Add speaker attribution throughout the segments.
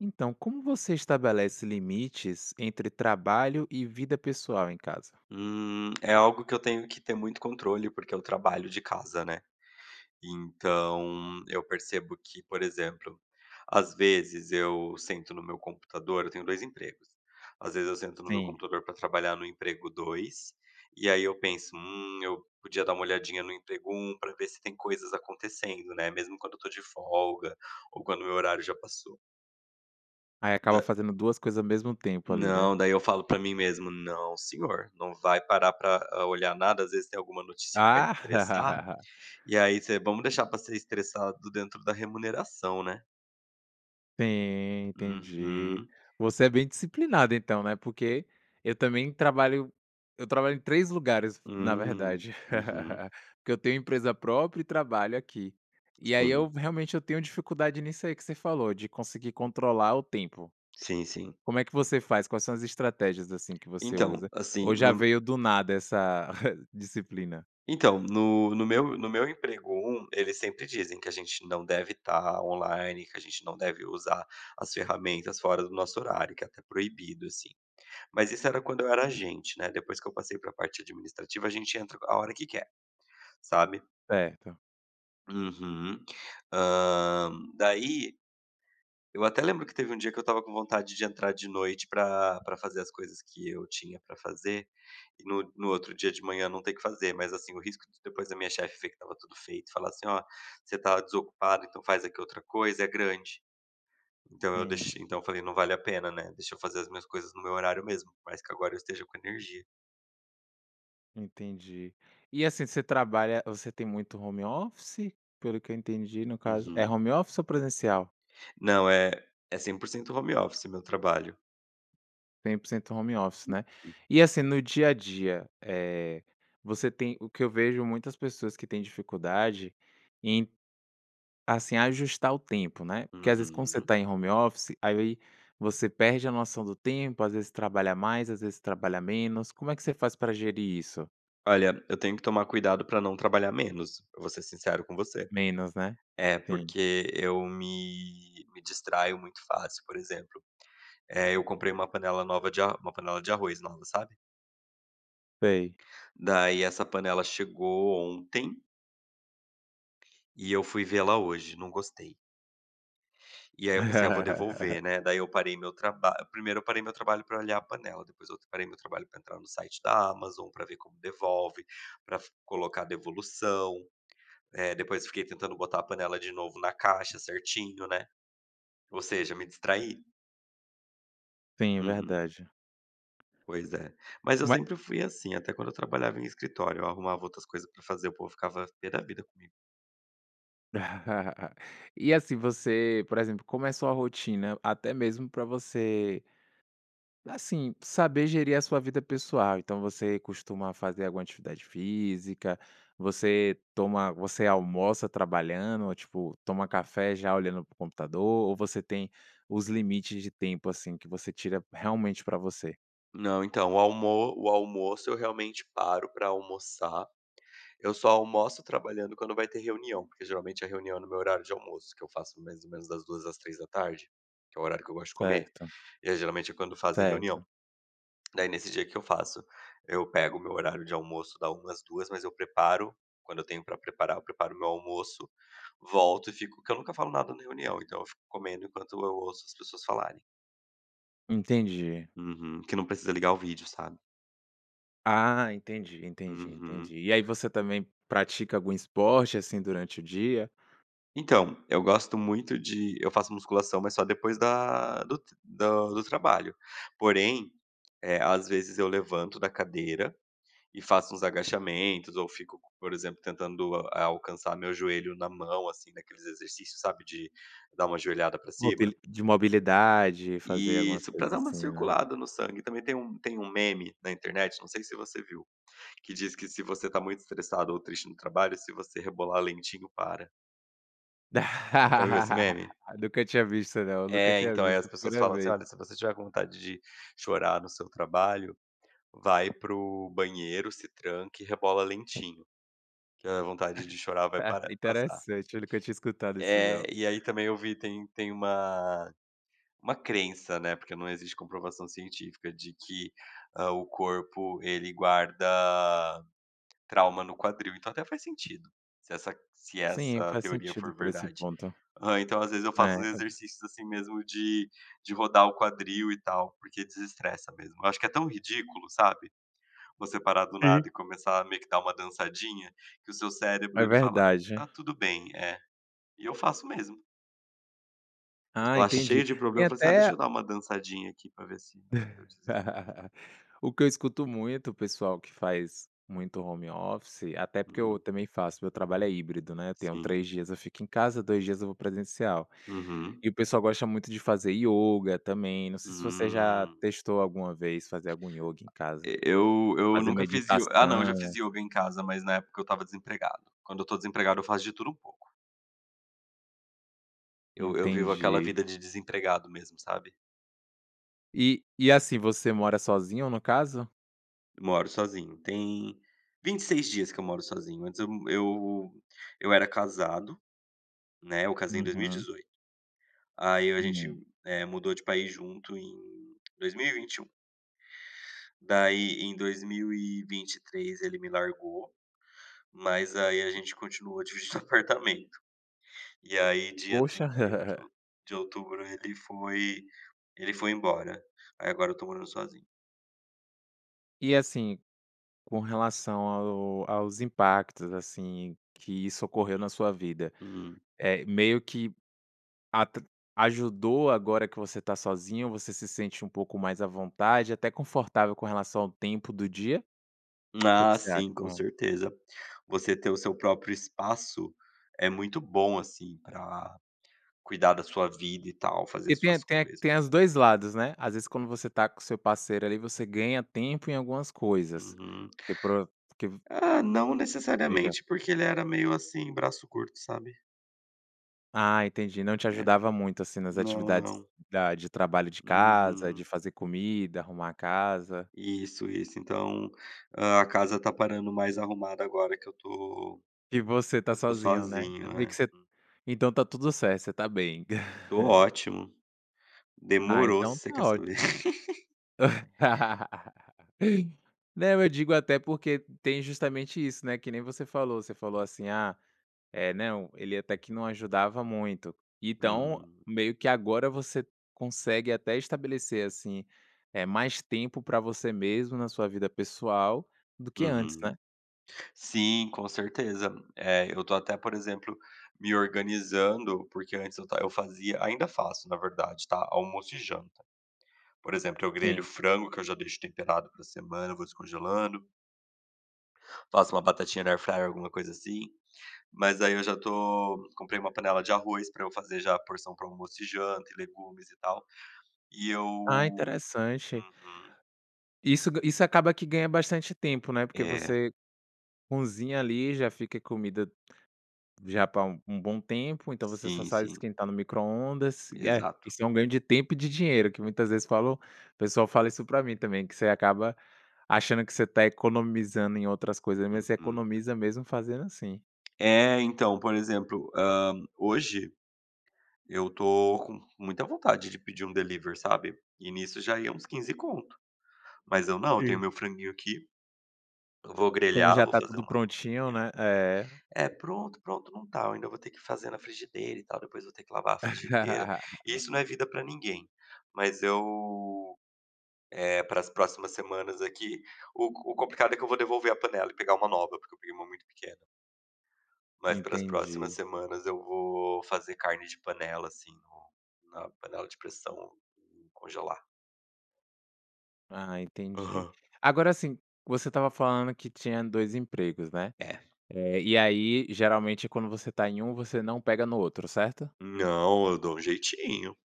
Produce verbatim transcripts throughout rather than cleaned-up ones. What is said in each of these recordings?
Speaker 1: Então, como você estabelece limites entre trabalho e vida pessoal em casa?
Speaker 2: Hum. É algo que eu tenho que ter muito controle, porque eu trabalho de casa, né. Então eu percebo que, por exemplo, às vezes, eu sento no meu computador eu tenho dois empregos, às vezes eu sento no meu
Speaker 1: Sim.
Speaker 2: computador para trabalhar no emprego dois e aí eu penso: "Hum, eu podia dar uma olhadinha no emprego um para ver se tem coisas acontecendo", né, mesmo quando eu tô de folga ou quando meu horário já passou.
Speaker 1: Aí, acaba
Speaker 2: Da
Speaker 1: fazendo duas coisas ao mesmo tempo ali, né?
Speaker 2: Não, daí eu falo para mim mesmo: "Não senhor, não vai parar pra olhar nada". Às vezes, tem alguma notícia que vai te estressar,
Speaker 1: Ah.
Speaker 2: e aí você vamos deixar pra ser estressado dentro da remuneração, né?
Speaker 1: Sim, entendi.
Speaker 2: Uhum.
Speaker 1: Você é bem disciplinado então, né. Porque eu também trabalho eu trabalho em três lugares na
Speaker 2: Hum.
Speaker 1: verdade,
Speaker 2: Uhum.
Speaker 1: porque eu tenho empresa própria e trabalho aqui. E aí, eu
Speaker 2: Sim.
Speaker 1: realmente eu tenho dificuldade nisso aí que você falou de conseguir controlar o tempo.
Speaker 2: Sim, sim.
Speaker 1: Como é que você faz? Quais são as estratégias assim que você
Speaker 2: Então,
Speaker 1: usa
Speaker 2: assim,
Speaker 1: ou já
Speaker 2: no
Speaker 1: veio do nada essa disciplina?
Speaker 2: Então, no no meu no meu emprego um, eles sempre dizem que a gente não deve tá online, que a gente não deve usar as ferramentas fora do nosso horário, que é até proibido, assim. Mas isso era quando eu era agente, né? Depois que eu passei pra parte administrativa, a gente entra qu a hora que quer, sabe?
Speaker 1: Certo.
Speaker 2: Uhum. Hã, daí eu até lembro que teve um dia que eu estava com vontade de entrar de noite pra pra fazer as coisas que eu tinha pra fazer, e no no outro dia de manhã não ter que fazer. Mas, assim, o risco de depois a minha chefe ver que estava tudo feito e falar assim: "Ó, você tá desocupado então, faz aqui outra coisa". É grande. Então eu
Speaker 1: Sim.
Speaker 2: deix então eu falei: "Não vale a pena, né. Deixa eu fazer as minhas coisas no meu horário mesmo", por mais que agora eu esteja com energia.
Speaker 1: Entendi. E assim, você trabalha você tem muito home office? Pelo que eu entendi, no caso é
Speaker 2: Uhum.
Speaker 1: home office ou presencial?
Speaker 2: Não é é 100 por cento home office? meu trabalho.
Speaker 1: 100 por cento home office né?
Speaker 2: [unintelligible]
Speaker 1: E assim no dia a dia, eh, você tem o que eu vejo muitas pessoas que têm dificuldade em, assim, ajustar o tempo, né. Porque, às vezes quando você
Speaker 2: Uhum.
Speaker 1: tá em home office? aí, você perde a noção do tempo, às vezes trabalha mais, às vezes trabalha menos, como é que você faz pra gerir isso?
Speaker 2: Olha, eu tenho que tomar cuidado pra não trabalhar menos, eu vou ser sincero com você.
Speaker 1: Menos né?
Speaker 2: É,
Speaker 1: Sim.
Speaker 2: porque eu me me distraio muito fácil. Por exemplo, eh, eu comprei uma panela nova de a uma panela nova de arroz nova, sabe.
Speaker 1: Sei.
Speaker 2: Daí essa panela chegou ontem e eu fui ver ela hoje. Não gostei. E aí eu pensei: "Ah, vou devolver, né?". Daí eu parei meu traba primeiro eu parei meu trabalho pra olhar a panela, depois outro eu parei meu trabalho pra entrar no site da Amazon pra ver como devolve, pra fi colocar a devolução. Eh, depois fiquei tentando botar a panela de novo na caixa, certinho, né. Ou seja, me distraí.
Speaker 1: Sim, é
Speaker 2: Uhum.
Speaker 1: verdade.
Speaker 2: Pois é, mas eu
Speaker 1: Ma
Speaker 2: sempre fui assim, até quando eu trabalhava em escritório. Eu arrumava outras coisa pra fazer, o povo ficava p da vida comigo.
Speaker 1: E assim, você por exemplo, como é a sua rotina? Até mesmo pra você assim, saber gerir a sua vida pessoal, então você costuma fazer alguma atividade física? Você toma você almoça trabalhando, ou, tipo, toma café já olhando para o computador, ou você tem os limites de tempo, assim, que você tira, realmente, pra você?
Speaker 2: Não, então o almo o almoço eu, realmente, paro pra almoçar. Eu só almoço trabalhando quando vai ter reunião, porque geralmente a reunião é no meu horário de almoço, que eu faço mais ou menos das duas às três da tarde, que é o horário que eu gosto de comer.
Speaker 1: Certo.
Speaker 2: E aí, geralmente, é quando fazem
Speaker 1: Certo.
Speaker 2: reunião. Daí, nesse dia o que eu faço? Eu pego o meu horário de almoço, da uma às duas, mas eu preparo quando eu tenho pra preparar, eu preparo o meu almoço, volto e fico porque eu nunca falo nada na reunião, então eu fico comendo enquanto eu ouço as pessoas falarem.
Speaker 1: Entendi.
Speaker 2: Uhum. Que não precisa ligar o vídeo, sabe?
Speaker 1: Ah, entendi, entendi,
Speaker 2: Uhum.
Speaker 1: entendi. E aí, você também pratica algum esporte assim durante o dia?
Speaker 2: Então, eu gosto muito de eu faço musculação, mas só depois da do tr do do trabalho. Porém, eh, às vezes eu levanto da cadeira e faço uns agachamentos ou fico co por exemplo, tentando, eh, alcançar meu joelho na mão assim naqueles exercícios, sabe, de dar uma joelhada pra cima?
Speaker 1: Mobili de mobilidade, fazer algumas
Speaker 2: Isso, pra
Speaker 1: coisas
Speaker 2: dar uma
Speaker 1: assim, né?
Speaker 2: circulada no sangue. E também tem um tem um meme na internet, não sei se você viu, que diz que se você está muito estressado ou triste no trabalho, se você rebolar lentinho, para. Já viu esse meme?
Speaker 1: Nunca tinha visto não. Nunca
Speaker 2: É,
Speaker 1: tinha
Speaker 2: então, aí as
Speaker 1: visto.
Speaker 2: pessoas
Speaker 1: primeira
Speaker 2: falam assim:
Speaker 1: vez.
Speaker 2: “Olha, se você tiver com vontade de chorar no seu trabalho, vai para o banheiro, se tranque e rebola lentinho, que a vontade de chorar vai parar passar”.
Speaker 1: Interessante, eu nunca tinha escutado isso
Speaker 2: É,
Speaker 1: não.
Speaker 2: e aí também eu vi tem tem uma uma crença, né, porque não existe comprovação científica de que, hã, o corpo ele guarda trauma no quadril. Então até faz sentido se essa se
Speaker 1: Sim,
Speaker 2: essa
Speaker 1: faz
Speaker 2: teoria
Speaker 1: sentido
Speaker 2: for
Speaker 1: por esse
Speaker 2: verdade.
Speaker 1: ponto.
Speaker 2: Hã, então às vezes eu
Speaker 1: É,
Speaker 2: faço uns
Speaker 1: amplif
Speaker 2: exercícios assim mesmo de de rodar o quadril e tal, porque desestressa mesmo. Eu acho que é tão ridículo, sabe, você parar do nada
Speaker 1: Sim.
Speaker 2: e começar meio que a dar uma dançadinha, que o seu cérebro
Speaker 1: É
Speaker 2: ele fala:
Speaker 1: verdade.
Speaker 2: “Tá tudo bem”. É. E eu faço mesmo. Eu
Speaker 1: Ah,
Speaker 2: tô lá
Speaker 1: entendi.
Speaker 2: cheio de
Speaker 1: Tem
Speaker 2: problema, eu falei assim: "Ah,
Speaker 1: até
Speaker 2: deixa
Speaker 1: a
Speaker 2: eu dar uma dançadinha aqui pra ver se se eu desestresso".
Speaker 1: O que eu escuto muito, o pessoal que faz muito home office, até porque eu também faço, meu trabalho é híbrido, né, eu tenho
Speaker 2: Sim.
Speaker 1: três dias eu fico em casa, dois dias eu vou presencial.
Speaker 2: Uhum.
Speaker 1: E o pessoal gosta muito de fazer ioga também, não sei se você já
Speaker 2: Hum.
Speaker 1: testou alguma vez fazer algum ioga em casa.
Speaker 2: E eu eu
Speaker 1: Fazer
Speaker 2: nunca fiz io ah não, eu já fiz
Speaker 1: meditação.
Speaker 2: ioga em casa, mas na época, eu estava desempregado. Quando eu tô desempregado eu faço de tudo um pouco. Eu eu vivo aquela
Speaker 1: Entendi.
Speaker 2: vida de desempregado mesmo, sabe.
Speaker 1: E e assim, você mora sozinho, no caso?
Speaker 2: Moro sozinho. Tem vinte e seis dias que eu moro sozinho. Antes eu m eu eu era casado, né, eu casei em dois mil e
Speaker 1: Uhum.
Speaker 2: dezoito. Aí a gente,
Speaker 1: Hum.
Speaker 2: eh, mudou de país junto em dois mil e vinte e um. Daí em dois mil e vinte e três, ele me largou, mas aí a gente continuou dividindo apartamento. E aí dia
Speaker 1: Poxa.
Speaker 2: trinta e um de ou de outubro ele foi ele foi embora. Aí agora eu tô morando sozinho.
Speaker 1: E assim, com relação ao aos impactos, assim, que isso ocorreu na sua vida,
Speaker 2: Hum.
Speaker 1: eh, meio que atr ajudou, agora que você está sozinho, você se sente um pouco mais à vontade, até confortável com relação ao tempo do dia? O que que
Speaker 2: Ah
Speaker 1: você acha?
Speaker 2: sim, com
Speaker 1: Hã.
Speaker 2: certeza. Você ter o seu próprio espaço, é muito bom, assim, pra cuidar da sua vida, e tal, fazer
Speaker 1: E
Speaker 2: as
Speaker 1: tem
Speaker 2: suas
Speaker 1: até tem
Speaker 2: coisas.
Speaker 1: a dois lados, né, às vezes quando você está com o seu parceiro, ali, você ganha tempo em algumas coisas,
Speaker 2: Uhum.
Speaker 1: porque para o que v
Speaker 2: Ah, não
Speaker 1: Diga.
Speaker 2: necessariamente, porque ele era meio, assim, braço curto, sabe?
Speaker 1: Ah, entendi. Não te
Speaker 2: É.
Speaker 1: ajudava muito, assim, nas
Speaker 2: Não,
Speaker 1: atividades
Speaker 2: não.
Speaker 1: da de trabalho de casa, de
Speaker 2: Uhum.
Speaker 1: fazer comida, arrumar a casa.
Speaker 2: Isso, isso. Então, hã, a casa está parando mais arrumada agora que eu tô
Speaker 1: E você tá
Speaker 2: que eu tô
Speaker 1: sozinho, né.
Speaker 2: sozinho.
Speaker 1: Eu vi
Speaker 2: É.
Speaker 1: que voc então tá tudo certo, você tá bem.
Speaker 2: Tô ótimo.
Speaker 1: Ah,
Speaker 2: Demorou, se
Speaker 1: então
Speaker 2: você
Speaker 1: está
Speaker 2: quer
Speaker 1: ótimo.
Speaker 2: saber.
Speaker 1: Não, eu digo até porque tem justamente isso, né, que nem você falou, você falou assim: "Ah, eh, não, ele até que não ajudava muito", então
Speaker 2: Uhum.
Speaker 1: meio que agora você consegue até estabelecer, assim, eh, mais tempo pra você mesmo na sua vida pessoal, do que antes,
Speaker 2: Uhum.
Speaker 1: né.
Speaker 2: Sim, com certeza. Eh, eu tô até, por exemplo, me organizando, porque antes eu ta eu fazia ainda faço, na verdade, tá, almoço e janta. Por exemplo, eu grelho
Speaker 1: Sim.
Speaker 2: frango, que eu já deixo temperado pra semana, eu vou descongelando. Faço uma batatinha na airfryer, alguma coisa assim. Mas aí eu já tô comprei uma panela de arroz para eu fazer já a porção para o almoço e janta e legumes e tal. E
Speaker 1: Ah,
Speaker 2: eu
Speaker 1: interessante.
Speaker 2: Uhum.
Speaker 1: Isso ga isso acaba que ganha bastante tempo, né. Porque
Speaker 2: É.
Speaker 1: você cozinha ali, já fica comida já pra um bom tempo. Então você só
Speaker 2: Sim,
Speaker 1: sabe
Speaker 2: sim.
Speaker 1: esquentar no micro-ondas. É,
Speaker 2: Exato.
Speaker 1: isso é um ganho de tempo e de dinheiro, que muitas vezes falam o pessoal fala isso pra mim também, que você acaba achando que você está economizando em outras coisas, mas você
Speaker 2: Uhum.
Speaker 1: economiza mesmo fazendo assim.
Speaker 2: É, então, por exemplo, hã, hoje eu tô com muita vontade de pedir um delivery, sabe. E nisso já ia uns quinze conto. Mas eu não, eu tenho
Speaker 1: Sim.
Speaker 2: o meu franguinho aqui. Eu vou
Speaker 1: Como
Speaker 2: grelhar,
Speaker 1: já
Speaker 2: eu vou
Speaker 1: está
Speaker 2: fazer
Speaker 1: tudo
Speaker 2: uma
Speaker 1: prontinho,
Speaker 2: sopinha.
Speaker 1: né. É.
Speaker 2: É, pronto, pronto não tá. Eu ainda vou ter que fazer na frigideira e tal. Depois eu vou ter que lavar a frigideira. E isso não é vida pra ninguém. Mas eu, eh, para as próximas semanas aqui o o complicado é que eu vou devolver a panela e pegar uma nova, porque eu peguei uma muito pequena. Mas para as próximas
Speaker 1: Entendi.
Speaker 2: semanas eu vou fazer carne de panela sim no na panela de pressão e congelar.
Speaker 1: Ah, entendi.
Speaker 2: Aham.
Speaker 1: Agora, assim, você estava falando que tinha dois empregos, né.
Speaker 2: É.
Speaker 1: Eh, e aí geralmente quando você está em um, você não pega no outro certo?
Speaker 2: Não, eu dou um jeitinho.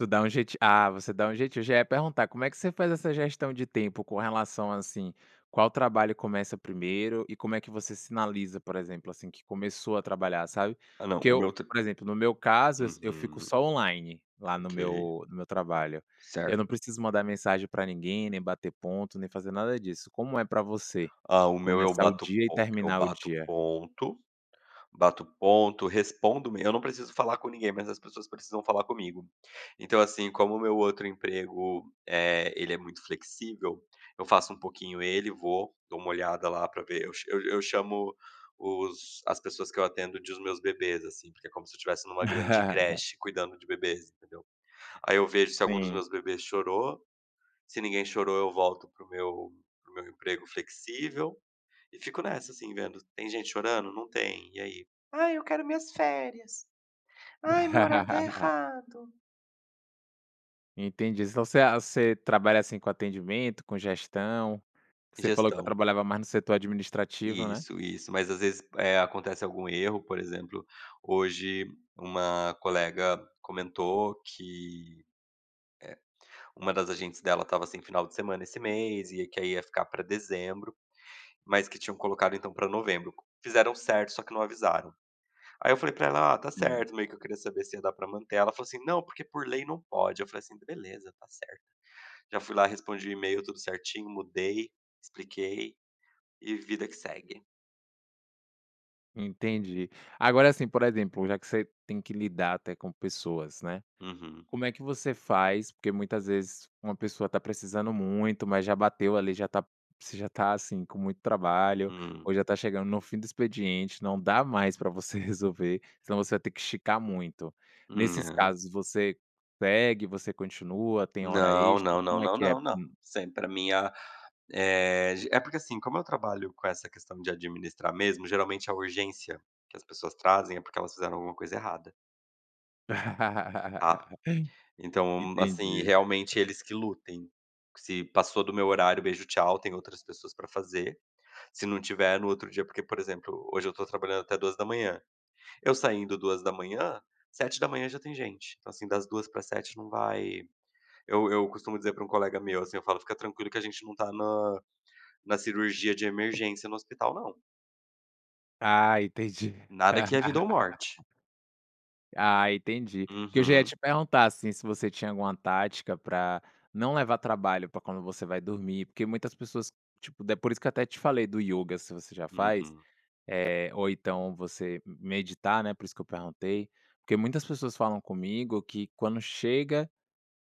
Speaker 1: Tu dá um jeitinho ah, você dá um jeitinho. Já ia perguntar, como é que você faz essa gestão de tempo, com relação, assim, qual trabalho começa primeiro? E como é que você sinaliza, por exemplo, assim, que começou a trabalhar, sabe?
Speaker 2: Ah, não,
Speaker 1: Porque
Speaker 2: o
Speaker 1: eu
Speaker 2: meu tra
Speaker 1: por exemplo, no meu caso eu s eu fico
Speaker 2: Uhum.
Speaker 1: só online, lá no
Speaker 2: Ok.
Speaker 1: meu no meu trabalho. Eu
Speaker 2: Certo.
Speaker 1: não preciso mandar mensagem pra ninguém, nem bater ponto, nem fazer nada disso. Como é pra você,
Speaker 2: Ah, o meu eu
Speaker 1: começar o
Speaker 2: bato
Speaker 1: dia e
Speaker 2: po eu
Speaker 1: terminar o
Speaker 2: bato
Speaker 1: dia?
Speaker 2: ponto, bato ponto, respondo em eu não preciso falar com ninguém, mas as pessoas precisam falar comigo. Então, assim, como o meu outro emprego, eh, ele é muito flexível, eu faço um pouquinho ele e vou, dou uma olhada lá pra ver eu cha eu eu chamo os as pessoas que eu atendo de os meus bebês, assim, porque é como se eu tivesse numa grande creche, cuidando de bebês, entendeu. Aí, eu vejo se algum dos
Speaker 1: Sim.
Speaker 2: meus bebês chorou, se ninguém chorou eu volto para o meu para o meu emprego flexível. E fico nessa, assim vendo: "Tem gente chorando? Não tem. E aí?" "Ai, eu quero minhas férias. Ai, meu horário está errado".
Speaker 1: Entendi. Então, você a você trabalha, assim, com atendimento, com gestão. Você falou que eu
Speaker 2: Gestão.
Speaker 1: trabalhava mais no setor administrativo, né?
Speaker 2: Isso, isso. Mas, às vezes, eh, acontece algum erro, por exemplo, hoje uma colega comentou que, eh, uma das agentes dela estava sem final de semana esse mês e que aí ia ficar para dezembro, mas que tinham colocado, então, para novembro. Fizeram certo, só que não avisaram. Aí, eu falei para ela: "Ah, tá
Speaker 1: Sim.
Speaker 2: certo. Meio que eu queria saber se ia dar pra manter ela." Ela falou assim: "Não, porque por lei não pode" Eu falei, assim: "Beleza, tá certo." Já fui lá respondi o e-mail, tudo certinho, mudei, expliquei e vida que segue.
Speaker 1: Entendi. Agora, assim, por exemplo, já que você tem que lidar até com pessoas, né?
Speaker 2: Uhum.
Speaker 1: Como é que você faz? Porque muitas vezes, uma pessoa tá precisando muito, mas já bateu ali já tá você já tá assim com muito trabalho, ou
Speaker 2: Hum.
Speaker 1: já tá chegando no fim do expediente, não dá mais para você resolver, se não você vai ter que esticar muito.
Speaker 2: hum,
Speaker 1: Nesses
Speaker 2: não.
Speaker 1: casos você segue, você continua, tem hora
Speaker 2: Não,
Speaker 1: extra,
Speaker 2: não, não,
Speaker 1: como é
Speaker 2: não,
Speaker 1: que é?
Speaker 2: não,
Speaker 1: Hum.
Speaker 2: sempre a minha eh, porque, assim, como eu trabalho com essa questão de administrar mesmo, geralmente, é urgência que as pessoas trazem é porque elas fizeram alguma coisa errada. Tá. Então, assim,
Speaker 1: Entendi.
Speaker 2: realmente eles que lutem, se passou do meu horário "beijo, tchau" tem outras pessoas para fazer. Se não tiver no outro dia, porque, por exemplo, hoje eu estou trabalhando até duas da manhã. Eu saindo duas da manhã, sete da manhã já tem gente. Então, assim, das duas para às sete não vai eu eu costumo dizer para um colega meu, assim, eu falo: "Fica tranquilo que a gente não tá na na cirurgia de emergência no hospital não."
Speaker 1: Ah, entendi.
Speaker 2: Nada que é vida ou morte.
Speaker 1: Ah, entendi. Porque já ia
Speaker 2: Uhum.
Speaker 1: te perguntar, assim, se você tinha alguma tática pra não levar trabalho pra quando você vai dormir, porque muitas pessoas, tipo, é por isso que eu até te falei do ioga, se você já faz,
Speaker 2: Uhum.
Speaker 1: eh, ou então você meditar, né, por isso que eu perguntei, porque muitas pessoas falam comigo que quando chega,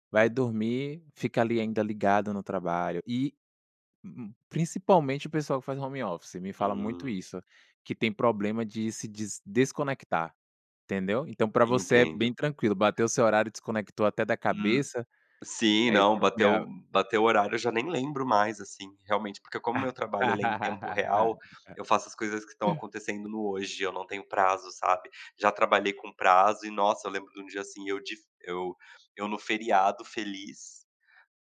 Speaker 1: vai dormir, fica ali, ainda ligado no trabalho, e uhum, principalmente, o pessoal que faz home office me fala muito
Speaker 2: Hum.
Speaker 1: isso, que tem problema de se dis desconectar, entendeu. Então, pra você é bem
Speaker 2: Entendo.
Speaker 1: tranquilo. Bateu seu horário e desconectou até da
Speaker 2: Hum,
Speaker 1: cabeça
Speaker 2: sim,
Speaker 1: é
Speaker 2: não, bateu
Speaker 1: essencial?
Speaker 2: bateu o horário, eu já nem lembro mais, assim, realmente, porque como o
Speaker 1: Ah.
Speaker 2: meu trabalho
Speaker 1: Hã.
Speaker 2: ele é em tempo
Speaker 1: Hã. Ah.
Speaker 2: real, eu faço as coisas que estão acontecendo no hoje e eu não tenho prazo, sabe. Já trabalhei com prazo e, nossa, eu lembro de um dia, assim, eu de eu eu no feriado feliz,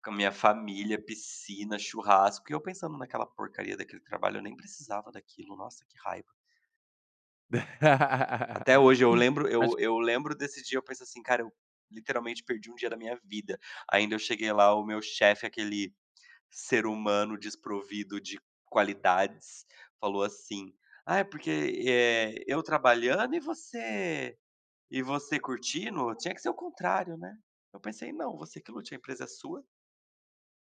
Speaker 2: com a minha família, piscina, churrasco e eu pensando naquela porcaria daquele trabalho eu nem precisava daquilo, nossa, que raiva. Até hoje eu lembro
Speaker 1: Acho
Speaker 2: eu eu lembro desse dia, eu penso assim: "Cara, eu literalmente perdi um dia na minha vida". Ainda eu cheguei lá, o meu chefe, aquele ser humano desprovido de qualidades, falou assim: "Ai, porque, eh, eu trabalhando e você e você curtindo. Tinha que ser ao contrário, né". Eu pensei: "Não, você que lute, a empresa é sua".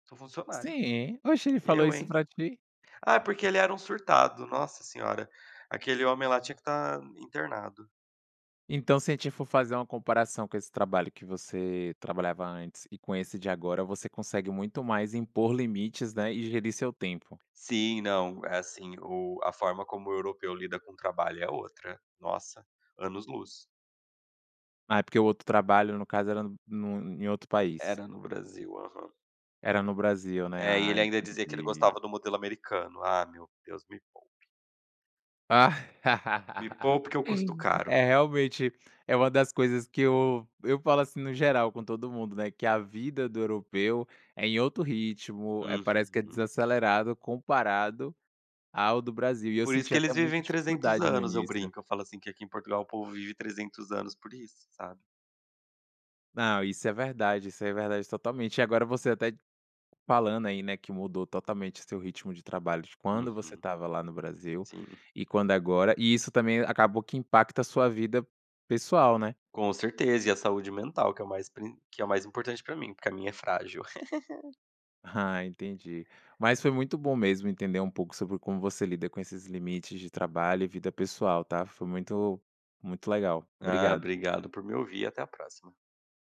Speaker 2: "sou funcionário.
Speaker 1: Sim. Oxe, ele falou
Speaker 2: Eu,
Speaker 1: isso
Speaker 2: hein".
Speaker 1: pra ti?
Speaker 2: Ah, porque ele era um surtado, nossa senhora, aquele homem lá tinha que tá internado.
Speaker 1: Então se a gente for fazer uma comparação com esse trabalho que você trabalhava antes e com
Speaker 2: [unintelligible]
Speaker 1: esse de agora, você consegue muito mais impor limites, né, e gerir seu tempo.
Speaker 2: Sim. Não, é assim, o a forma como o europeu lida com o trabalho é outra. Nossa, anos-luz.
Speaker 1: Ah, é porque o outro trabalho, no caso, era no em outro país.
Speaker 2: Era no Brasil, aham.
Speaker 1: Era no Brasil, né.
Speaker 2: É, e
Speaker 1: Ah,
Speaker 2: ele ainda dizia que ele
Speaker 1: entendi.
Speaker 2: gostava do modelo americano. Ah meu Deus, me poupe. Me poupe que eu custo caro.
Speaker 1: É, realmente, é uma das coisas que eu eu falo assim, no geral, com todo mundo, né, "Que a vida do europeu é em outro ritmo, eh, parece que é
Speaker 2: Uhum.
Speaker 1: desacelerado comparado ao do Brasil", e eu
Speaker 2: Por isso
Speaker 1: senti
Speaker 2: que
Speaker 1: até
Speaker 2: eles
Speaker 1: muita
Speaker 2: vivem trezentos
Speaker 1: dificuldade no
Speaker 2: anos, eu
Speaker 1: início.
Speaker 2: brinco, eu falo assim: "Que aqui em Portugal, o povo vive trezentos anos por isso, sabe".
Speaker 1: Não, isso é verdade, isso é verdade totalmente. E agora você até falando, aí, né, que mudou totalmente o seu ritmo de trabalho, de quando você
Speaker 2: Uhum.
Speaker 1: estava lá no Brasil,
Speaker 2: Sim.
Speaker 1: e quando agora, e isso também acabou que impacta a sua vida pessoal, né.
Speaker 2: Com certeza. E a saúde mental, que é o mais prin que é o mais importante para mim, porque a minha é frágil.
Speaker 1: Ah, entendi. Mas foi muito bom mesmo entender um pouco sobre como você lida com esses limites de trabalho e vida pessoal, tá. Foi muito muito legal,
Speaker 2: Ah,
Speaker 1: obrigado.
Speaker 2: obrigado por me ouvir e até a próxima.